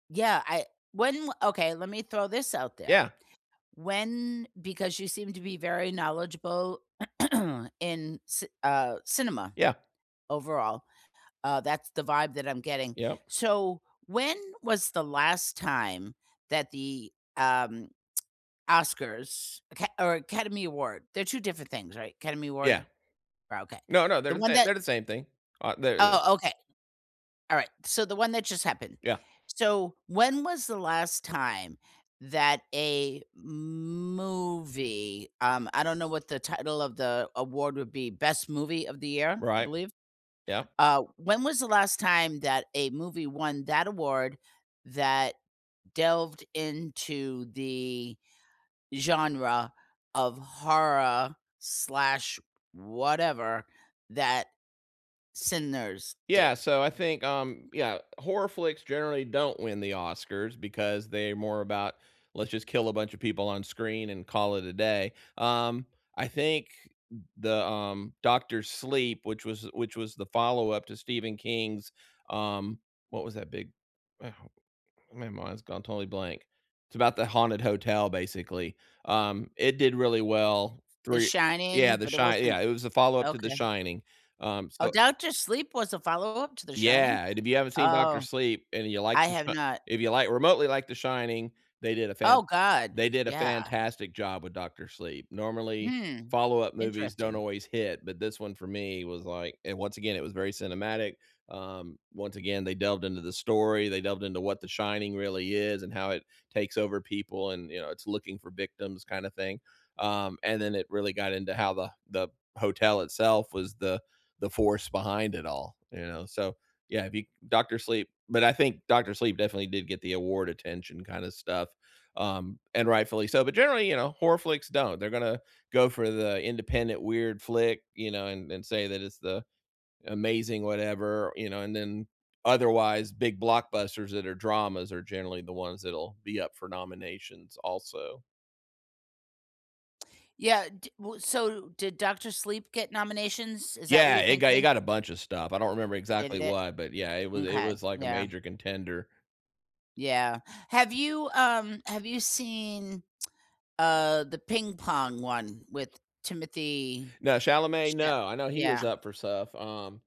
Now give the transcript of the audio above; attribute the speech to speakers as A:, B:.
A: Yeah, I when okay, lemme throw this out there.
B: Yeah.
A: When because you seem to be very knowledgeable in ci uh, cinema,
B: Yeah.
A: overall, uh, that's the vibe that I'm getting.
B: Yup.
A: So, when was the last time that the, um, Oscars Aca or Academy Award they're 2 different things, right? Academy Award?
B: Yeah.
A: Ri okay,
B: No, no, they're
A: the
B: the
A: one
B: same
A: that
B: they're the same thing. Uh, they they're
A: Oh, okay. Alright, so the one that just happened.
B: Yeah.
A: So, when was the last time that a movie, um I don't know what the title of the award would be, Best Movie of the Year, I
B: Right.
A: believe?
B: Yup.
A: Uh, when was the last time that a movie won that award that delved into the genre of horror/whatever that Sinners did?
B: Yeah, so I think, um, yeah, horror flicks generally don't win the Oscars because they're more about, "Let's just kill a bunch of people on screen and call it a day." Um, I think th the, um Doctor Sleep, which was which was the follow-up to Stephen King's, um what was that big ah, how my mind's gone totally blank. It's about the haunted hotel basically. Um, it did really well,
A: The
B: 3 Yeah,
A: Shining,
B: The
A: but it
B: Shine yeah,
A: wasn't
B: it was a follow-up to The
A: Okay.
B: Shining, um,
A: Oh,
B: so
A: Doctor Sleep was a follow-up to The Shining?
B: Yeah, and if you haven't seen Doctor
A: Oh,
B: Sleep and you like
A: I
B: The
A: have
B: Shi
A: not.
B: if you like remotely like The Shining, they did a fan
A: Oh, god,
B: they did a
A: yeah.
B: fantastic job with Doctor Sleep. Normally,
A: Hmm,
B: follow-up movies don't
A: interesting.
B: always hit, but this one for me was, like and once again, it was very cinematic, um, once again, they delved into the story, they delved into what The Shining really is and how it takes over people and, you know, it's looking for victims kinda thing, um, and then it really got into how the the hotel itself was the the force behind it all, you know? So, yeah, be Doctor Sleep, but I think Doctor Sleep definitely did get the award attention kinda stuff, um, and rightfully so, but generally, you know, horror flicks don't. They're gonna go for the independent weird flick, you know, and and say that it's the amazing whatever, you know? And then otherwise, big blockbusters that are dramas are generally the ones that'll be up for nominations also.
A: Yeah, d w so, did Doctor Sleep get nominations? Is that what
B: Yeah,
A: you're
B: it got it
A: thinking?
B: got a bunch of stuff. I don't remember
A: Did
B: exactly
A: it?
B: what, but, yeah, it was it
A: M'kay,
B: was, like, a
A: yeah.
B: major contender.
A: Yeah. Have you, um have you seen, uh, the ping-pong one with Timothee
B: No, Chalamet?
A: Cha
B: No. I know he was
A: Yeah.
B: up for stuff, um